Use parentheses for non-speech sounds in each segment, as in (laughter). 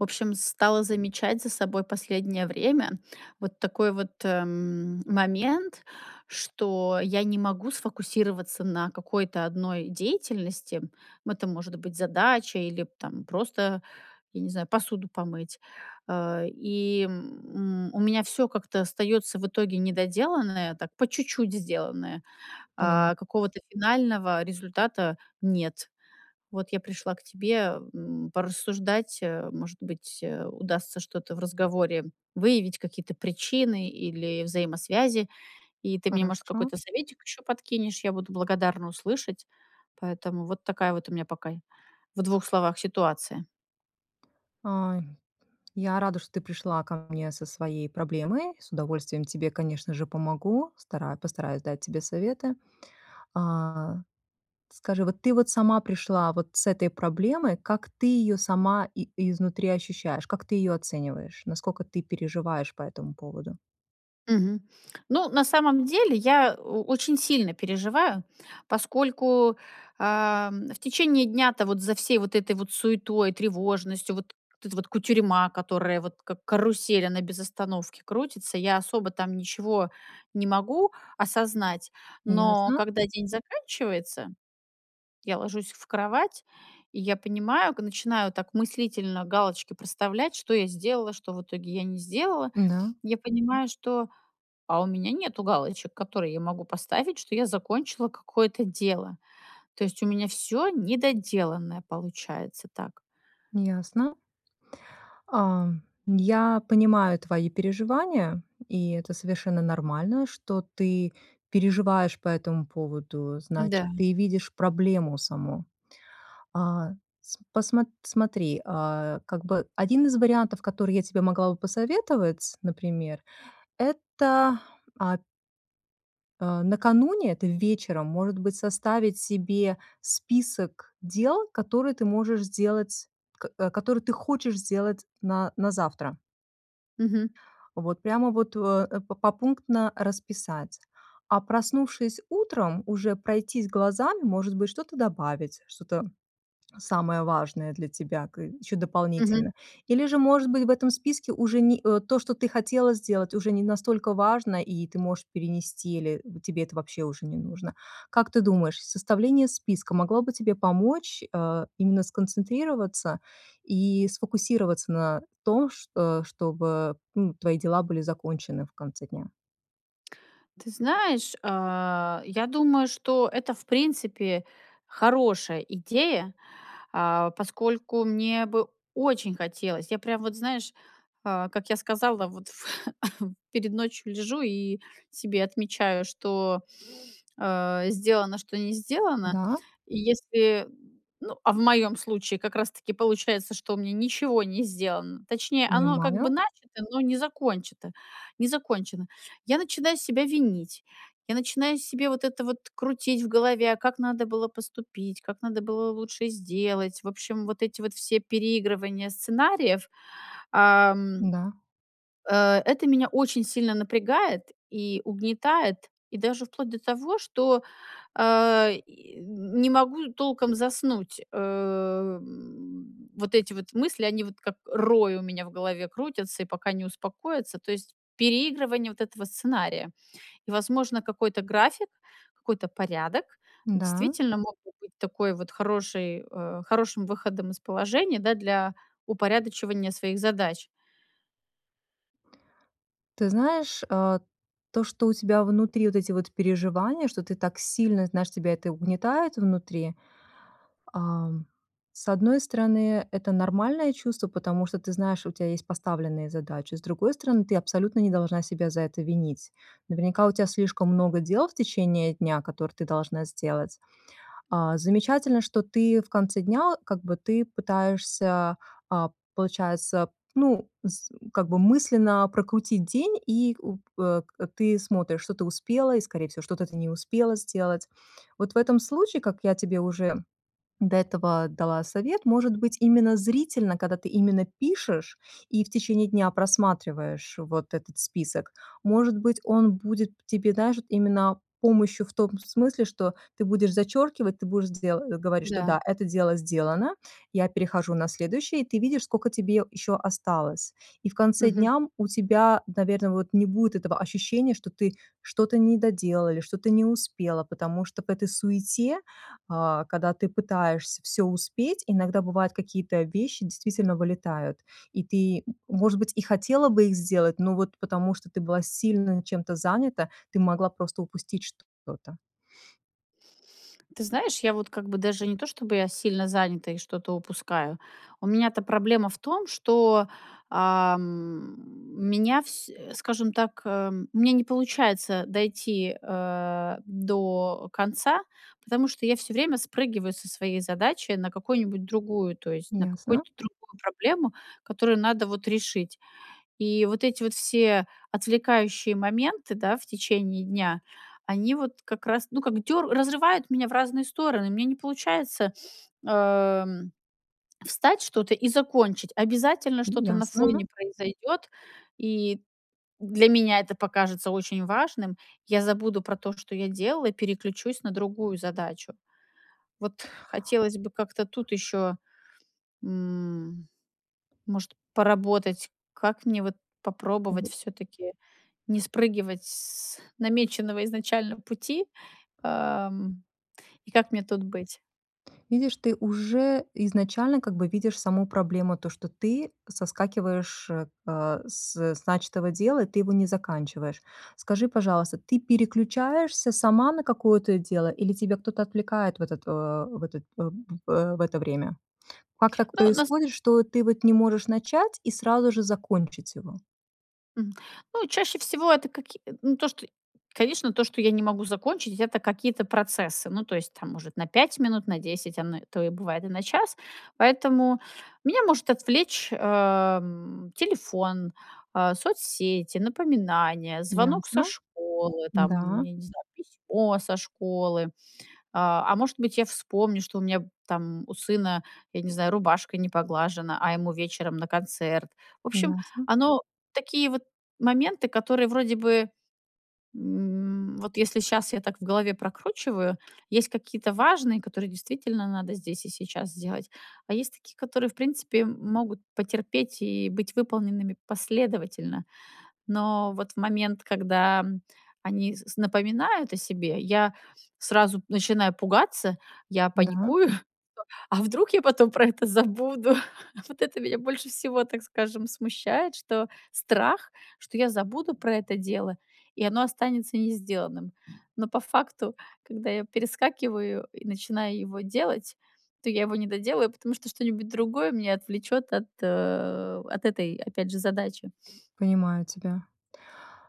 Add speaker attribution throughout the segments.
Speaker 1: В общем, стала замечать за собой последнее время вот такой вот, эм, момент, что я не могу сфокусироваться на какой-то 1 деятельности. Это может быть задача или, там, просто, я не знаю, посуду помыть. Э, и, м, у меня всё как-то остаётся в итоге недоделанное, так, по чуть-чуть сделанное,
Speaker 2: Понима
Speaker 1: а какого-то финального результата нет. Вот я пришла к тебе, м, порассуждать, э, может быть, удастся что-то в разговоре выявить, какие-то причины или взаимосвязи, и ты мне, может,
Speaker 2: Хорошо.
Speaker 1: какой-то советик еще подкинешь, я буду благодарна услышать, поэтому вот такая вот у меня пока, в двух словах, ситуация.
Speaker 2: Ай. Я рада, что ты пришла ко мне со своей проблемой. С удовольствием тебе, конечно же, помогу, стара постараюсь дать тебе советы. А скажи, вот ты вот сама пришла вот с этой проблемой, как ты ее сама и изнутри ощущаешь, как ты ее оцениваешь, наскока ты переживаешь по этому поводу?
Speaker 1: Мгм. Ну, на самом деле, я о очень сильно переживаю, поскольку, а, в течение дня-то вот за всей вот этой вот суетой, тревожностью, вот вот эта вот кутерьма, которая вот, как карусель, она без остановки крутится. Я особо там ничего не могу осознать, но
Speaker 2: Ясно.
Speaker 1: когда день заканчивается, я ложусь в кровать, и я понимаю, к начинаю так мыслительно галочки проставлять: что я сделала, что, в итоге, я не сделала.
Speaker 2: М-да.
Speaker 1: Я понимаю, что, а у меня нету галочек, которые я могу поставить, что я закончила какое-то дело. То есть у меня всё недоделанное получается так.
Speaker 2: Ясно. А. Я понимаю твои переживания, и это совершенно нормально, что ты переживаешь по этому поводу. Значит,
Speaker 1: Да.
Speaker 2: ты видишь проблему саму. А, см посмо смотри, а, как бы один из вариантов, который я тебе могла бы посоветовать, например, это а Э, накануне, это вечером, может быть, составить себе список дел, которые ты можешь сделать, э, которые ты хочешь сделать на на завтра.
Speaker 1: Мгм.
Speaker 2: Вот прямо вот, э, попунктно расписать. А проснувшись утром, уже пройтись глазами, может быть, что-то добавить, что-то самое важное для тебя к ещё
Speaker 1: Мгм.
Speaker 2: дополнительно. Или же, может быть, в этом списке уже не э, то, что ты хотела сделать, уже не настолько важно, и ты можешь перенести, или тебе это вообще уже не нужно. Как ты думаешь, составление списка могло бы тебе помочь, э, именно сконцентрироваться и сфокусироваться на том ш э, чтобы, ну, твои дела были закончены в конце дня?
Speaker 1: Ты знаешь, а, я думаю, что это, в принципе, хорошая идея, а, поскольку мне бы очень хотелось. Я, прям вот, знаешь, а, как я сказала, вот в (coughs) перед ночью лежу и себе отмечаю, что, э, сделано, что не сделано.
Speaker 2: Да?
Speaker 1: Если ну, а в моём случае как раз таки получается, что у меня ничего не сделано, точнее, оно как бы
Speaker 2: Понимаю.
Speaker 1: начато, но не закончето не закончено, я начинаю себя винить, я начинаю себе вот это вот крутить в голове: а как надо было поступить, как надо было лучше сделать? В общем, вот эти вот все переигрывания сценариев, ам,
Speaker 2: Да.
Speaker 1: э, это меня очень сильно напрягает и угнетает, и даже вплоть до того, что, а, и не могу толком заснуть. Э, м, вот эти вот мысли, они вот как рой у меня в голове крутятся и пока не успокоятся, то есть переигрывание вот этого сценария. И, возможно, какой-то график, какой-то порядок
Speaker 2: Да.
Speaker 1: действительно мог бы быть такой вот хороший э, хорошим выходом из положения, да, для упорядочивания своих задач.
Speaker 2: Ты знаешь, э, то, что у тебя внутри вот эти вот переживания, что ты так сильно знаешь, тебя это угнетает внутри. Ам, с одной стороны, это нормальное чувство, потому что ты знаешь, у тебя есть поставленные задачи, с другой стороны, ты абсолютно не должна себя за это винить. Наверняка у тебя слишком много дел в течение дня, которые ты должна сделать. А, замечательно, что ты в конце дня, как бы, ты пытаешься, а, получается, ну, с как бы мысленно прокрутить день, и, э, э, ты смотришь, что ты успела и скорее всего, что-то ты не успела сделать. Вот, в этом случае, как я тебе уже до этого дала совет, может быть, именно зрительно, когда ты именно пишешь и в течение дня просматриваешь вот этот список, может быть, он будет тебе даже именно помощью в том смысле, что ты будешь зачеркивать, ты будешь де говорить, что:
Speaker 1: Да.
Speaker 2: да, это дело сделано, я перехожу на следующее. И ты видишь, скока тебе еще осталось. И в конце
Speaker 1: Мгм.
Speaker 2: дня у тебя, наверно, вот, не будет этого ощущения, что ты что-то не доделала или что-то не успела, потому что в этой суете, а, когда ты пытаешься всё успеть, иногда бывает какие-то вещи действительно вылетают. И ты, может быть, и хотела бы их сделать, но вот потому что ты была сильно чем-то занята, ты могла просто упустить что-то.
Speaker 1: Ты знаешь, я вот как бы даже не то, чтобы я сильно занята и что-то упускаю, у меня-то проблема в том, что, э, м, меня всь скажем так эм, у меня не получается дойти, э, до конца, потому что я всё время спрыгиваю со своей задачи на какую-нибудь другую, то есть, на
Speaker 2: Ясно.
Speaker 1: какую-то другую проблему, которую надо, вот, решить. И вот эти вот все отвлекающие моменты, да, в течение дня, они вот как раз ну, как дёр разрывают меня в разные стороны. У меня не получается, эм, встать что-то и закончить. Обязательно
Speaker 2: М,
Speaker 1: что-то на фоне
Speaker 2: ясно.
Speaker 1: произойдёт, и для меня это покажется очень важным. Я забуду про то, что я делала, переключусь на другую задачу. Вот хотелось бы как-то тут ещё, м, может, поработать, как мне вот попробовать
Speaker 2: Мгм.
Speaker 1: всё-таки не спрыгивать с намеченного изначально пути, эм, и как мне тут быть?
Speaker 2: Видишь, ты уже изначально как бы видишь саму проблему то, что ты соскакиваешь, э, с с начатого дела, и ты его не заканчиваешь. Скажи, пожалуйста, ты переключаешься сама на какое-то дело или тебя кто-то отвлекает в этот э в этот э, в э в это время? Как так
Speaker 1: Ну, на с
Speaker 2: происходит, что ты вот не можешь начать и сразу же закончить его?
Speaker 1: Мгм. Ну, чаще всего это каки э, ну, то, что конечно, то, что я не могу закончить это какие-то процессы, ну, то есть, там, может, на 5 минут, на 10, оно, то и бывает и на час. Поэтому меня может отвлечь, эм, телефон, э, соцсети, напоминания, звонок со
Speaker 2: Ясно.
Speaker 1: школы, там,
Speaker 2: Да.
Speaker 1: я не знаю, письмо со школы, э, а может быть, я вспомню, что у меня, там, у сына, я не знаю, рубашка не поглажена, а ему вечером на концерт. В общем,
Speaker 2: Ясно.
Speaker 1: оно такие вот моменты, которые вроде бы, м, вот если щас я так в голове прокручиваю, есть какие-то важные, которые действительно надо здесь и сейчас сделать, а есть такие, которые, в принципе, могут потерпеть и быть выполненными последовательно. Но вот в момент, когда они с с напоминают о себе, я сразу начинаю пугаться, я
Speaker 2: Да.
Speaker 1: паникую:" (chuckles) А вдруг я потом про это забуду?" Вот это меня больше всего, так скажем, смущает, что страх, что я забуду про это дело, и оно останется не сделанным. Но по факту, когда я перескакиваю и начинаю его делать, то я его не доделаю, потому что что-нибудь другое меня отвлечёт от э, от этой, опять же, задачи.
Speaker 2: Понимаю тебя.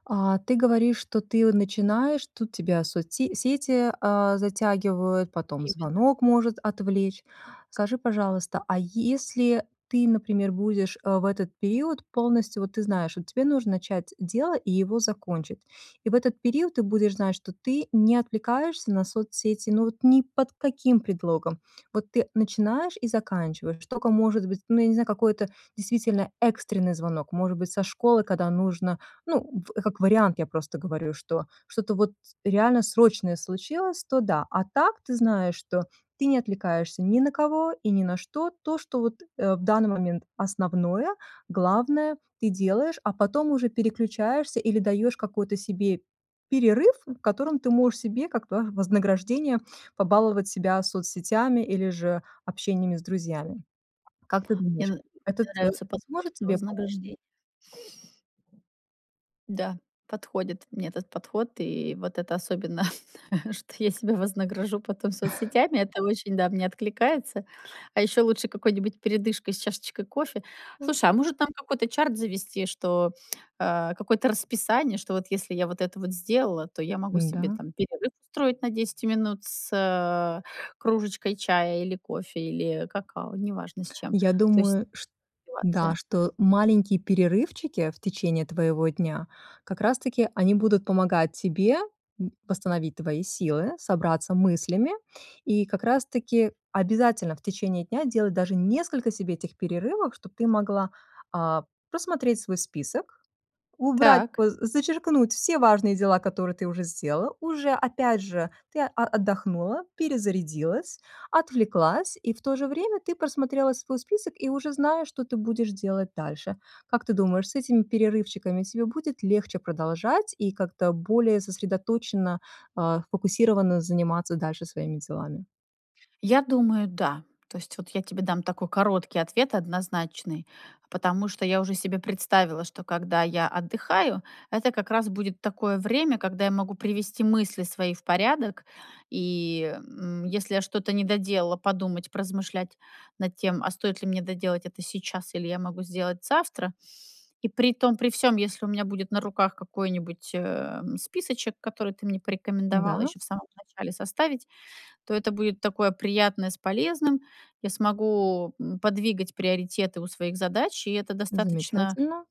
Speaker 2: А ты говоришь, что ты, о, начинаешь, тут тебя соцсе сети, э, затягивают, потом
Speaker 1: Именно.
Speaker 2: звонок может отвлечь. Скажи, пожалуйста, а если ты, например, будешь, э, в этот период полностью вот ты знаешь, вот тебе нужно начать дело и его закончить. И в этот период ты будешь знать, что ты не отвлекаешься на соцсети, ну, вот ни под каким предлогом. Вот ты начинаешь и заканчиваешь. Что, ко может быть, ну, я не знаю, какое-то действительно экстренный звонок. Может быть, со школы, когда нужно ну, в как вариант, я просто говорю, что, что-то вот, реально срочное случилось, то- да. А так, ты знаешь, что ты не отвлекаешься ни на кого и ни на что. То, что вот, э, в данный момент основное, главное ты делаешь, а, потом уже переключаешься или даёшь какой-то себе перерыв, в котором ты можешь себе как бы вознаграждение побаловать себя соцсетями или же общениями с друзьями. Как ты
Speaker 1: Мне н
Speaker 2: думаешь,
Speaker 1: мне
Speaker 2: этот э
Speaker 1: нравится подход
Speaker 2: сможет
Speaker 1: про
Speaker 2: тебе помочь?
Speaker 1: вознаграждение. Да, подходит мне этот подход, и вот это особенно, что я себя вознагражу потом
Speaker 2: (chuckles)
Speaker 1: соцсетями, это очень, да, мне откликается. А ещё лучше какой-нибудь передышкой с чашечкой кофе.
Speaker 2: М.
Speaker 1: Слушай, а может там какой-то чарт завести, что э, какое-то расписание, что вот если я вот это вот сделала, то я могу себе,
Speaker 2: М-да.
Speaker 1: там, перерыв устроить на 10 минут с, э, кружечкой чая или кофе, или какао, неважно с чем.
Speaker 2: Я
Speaker 1: То есть
Speaker 2: думаю, шт да,
Speaker 1: ситуация
Speaker 2: что маленькие перерывчики, в течение твоего дня, как раз таки, они будут помогать тебе, м, восстановить твои силы, собраться мыслями, и как раз таки обязательно, в течение дня, делать даже несколько себе этих перерывов, чтоб ты могла, э, просмотреть свой список, убрать,
Speaker 1: Так.
Speaker 2: бо зачеркнуть все важные дела, которые ты уже сделала. Уже опять же ты а отдохнула, перезарядилась, отвлеклась, и в то же время ты просмотрела свой список и уже знаешь, что ты будешь делать дальше. Как ты думаешь, с этими перерывчиками тебе будет легче продолжать и как-то более сосредоточенно, а, сфокусировано заниматься дальше своими делами?
Speaker 1: Я думаю, да. То есть вот я тебе дам такой короткий ответ однозначный. Потому что я уже себе представила, что когда я отдыхаю, это как раз будет такое время, когда я могу привести мысли свои в порядок и, м, если я что-то не доделала, подумать, поразмышлять над тем, а стоит ли мне доделать это сейчас или я могу сделать завтра. И при том при всём, если у меня будет на руках какой-нибудь, э, списочек, который ты мне порекомендовала
Speaker 2: Да?
Speaker 1: ещё в самом начале составить, то это будет такое приятное с полезным. Я смогу, э, подвигать приоритеты у своих задач, и это достаточно,
Speaker 2: Замечательно.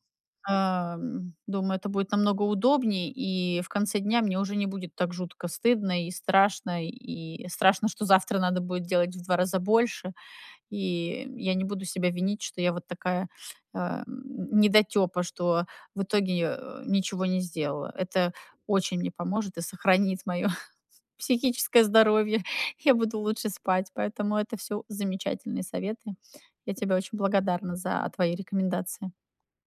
Speaker 1: э, м, думаю, это будет намного удобнее, и в конце дня мне уже не будет так жутко стыдно и страшно, и страшно, что завтра надо будет делать в 2 раза больше. И я не буду себя винить, что я вот такая, э, (grunts) недотёпа, что в итоге, э, ничего не сделала. Это очень мне поможет и сохранит моё (chuckles) психическое здоровье, я буду лучше спать, поэтому это всё замечательные советы. Я тебе очень благодарна за твои рекомендации.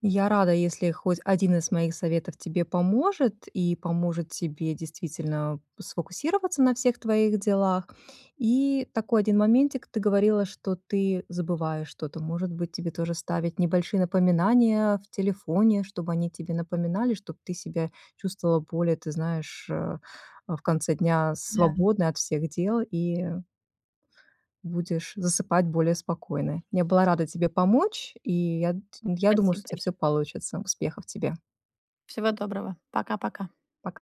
Speaker 2: Я рада, если хоть 1 из моих советов тебе поможет, и поможет тебе действительно сфокусироваться на всех твоих делах. И такой один моментик: ты говорила, что ты забываешь что-то. Может быть, тебе тоже ставить небольшие напоминания в телефоне, чтобы они тебе напоминали, чтоб ты себя чувствовала более, ты знаешь, э, в конце дня
Speaker 1: Да.
Speaker 2: свободной от всех дел и будешь засыпать более спокойной. Я была рада тебе помочь, и я ть я думаю,
Speaker 1: Спасибо
Speaker 2: что у тебя всё
Speaker 1: большое.
Speaker 2: получится. Успехов тебе.
Speaker 1: Всего доброго! Пока-пока!
Speaker 2: Пока!